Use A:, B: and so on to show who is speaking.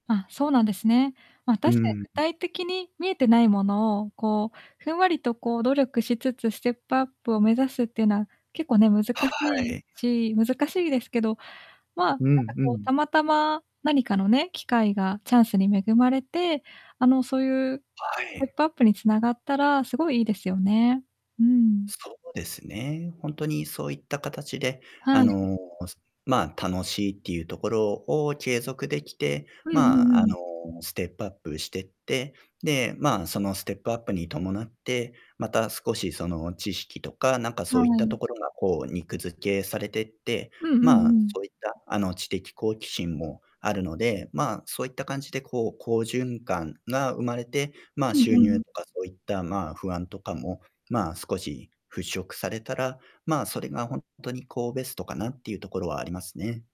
A: あ、そうなんですね。ま、
B: う
A: 確かに
B: ん
A: 具
B: ん。
A: 体的に見えてないものを、こう、ふんわりとこう、努力しつつステップアップを目指すってな、結構ね、難し
B: は
A: い
B: い。
A: し難しいですけど、ま、なん
B: うん
A: か
B: う
A: こうた
B: ん。
A: またま何かのね、機会がチャンスに恵まれて、あの、そういう
B: は
A: ステッ
B: い。
A: プアップに繋がったら凄いいいですよね。うん。
B: そうですね。ほんとにそういった形で、
A: は
B: あ
A: い。
B: の、すまあ、楽しいっていうところを継続できて、
A: うんう
B: ま
A: んう
B: あ、あの、
A: ん。
B: ステップアップしてって、で、まあ、そのステップアップに伴って、また少しその知識とか、なんか
A: は
B: そういったと
A: い。
B: ころがこう肉付けされてって、
A: うんう
B: ま
A: ん
B: あ、
A: うん。
B: そういった、あの、知的好奇心もあるので、まあ、そういった感じで、こう、好循環が生まれて、まあ、
A: うん
B: 収
A: うん
B: 入
A: う
B: とかそういった、まあ、不安とかも、まあ、少し払拭されたら、まあ、それがほんとに、こう、ベストかなっていうところはありますね。